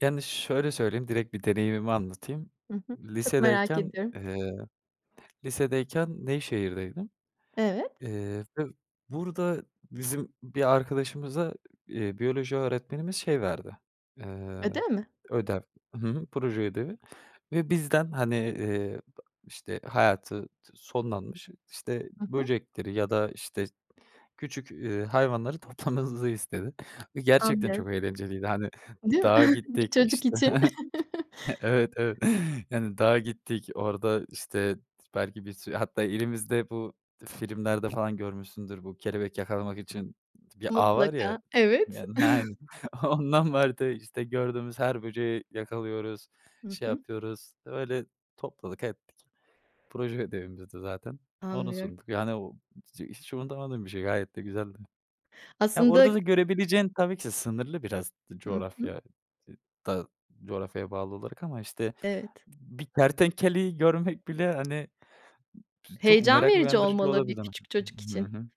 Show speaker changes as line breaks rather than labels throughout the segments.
Yani, şöyle söyleyeyim, direkt bir deneyimimi anlatayım.
Hı hı. Çok merak
Lisedeyken,
ediyorum.
ııı, lisedeyken Nevşehir'deydim.
Evet.
Eee ve burada bizim bir arkadaşımıza, iii, biyoloji öğretmenimiz şey verdi, eee,
Ödev mi?
ödev. Hı hı. Proje ödevi ve bizden hani, ııı, işte hayatı sonlanmış işte
Hı hı.
böcekleri ya da işte küçük, ııı, hayvanları toplamamızı istedi. Ve gerçekten
Anlıyorum.
çok eğlenceliydi. Hani,
Değil mi?
dağa
Bir
gittik
çocuk
işte.
için.
Evet, evet. Yani, dağa gittik. Orada işte t belki bir sürü; hatta elimizde bu filmlerde falan görmüşsündür, bu kelebek yakalamak için bir ağ var ya.
Mutlaka, evet.
Yani, aynen. Ondan vardı işte. Gördüğümüz her böceği yakalıyoruz,
Hı
şey
hı.
yapıyoruz. Öyle topladık ettik. Proje ödevimizdi zaten. Onu
Anlıyorum.
sunduk. Yani [unintelligible] hiç unutamadığım bir şey gayet de güzeldi. Ya,
Aslında
orada da görebileceğin tabii ki sınırlı biraz
Hı hı.
coğrafya dı da coğrafyaya bağlı olarak ama işte
Evet.
b bir kertenkeleyi görmek bile hani ç çok
Heyecan
merak
verici
uyandırıcı
olmalı, bir
olabilir hani.
küçük çocuk
Hı
için.
hı,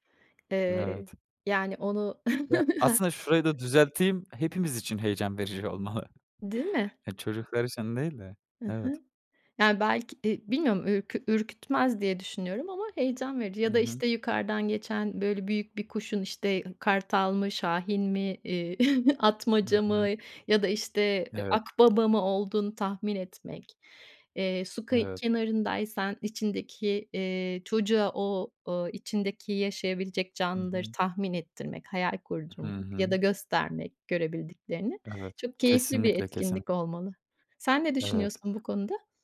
Eee,
evet.
yani onu
Ya, aslında şurayı
[unintelligible]
da düzelteyim, hepimiz için heyecan verici olmalı.
Değil mi?
E, çocuklar için değil de.
Hı
Evet.
hı. Yani, belki, e, bilmiyorum ür ürkütmez diye düşünüyorum ama heyecan verici. Ya
Hı
da
hı.
işte yukarıdan geçen böyle büyük bir kuşun işte kartal mı, şahin mi, iii,
Hı
atmaca mı?
hı.
Ya da işte
Evet.
akbaba mı olduğunu tahmin etmek. Eee, su kı
Evet.
kenarındaysan içindeki, eee, çocuğa o o içindeki yaşayabilecek
Hı
canlıları
hı.
tahmin ettirmek, hayal
Hı
kurdurmak
hı.
ya da göstermek görebildiklerini.
Evet.
Çok keyifli bir
Kesinlikle, kesin
etkinlik olmalı. Sen ne
Evet.
düşünüyorsun bu konuda?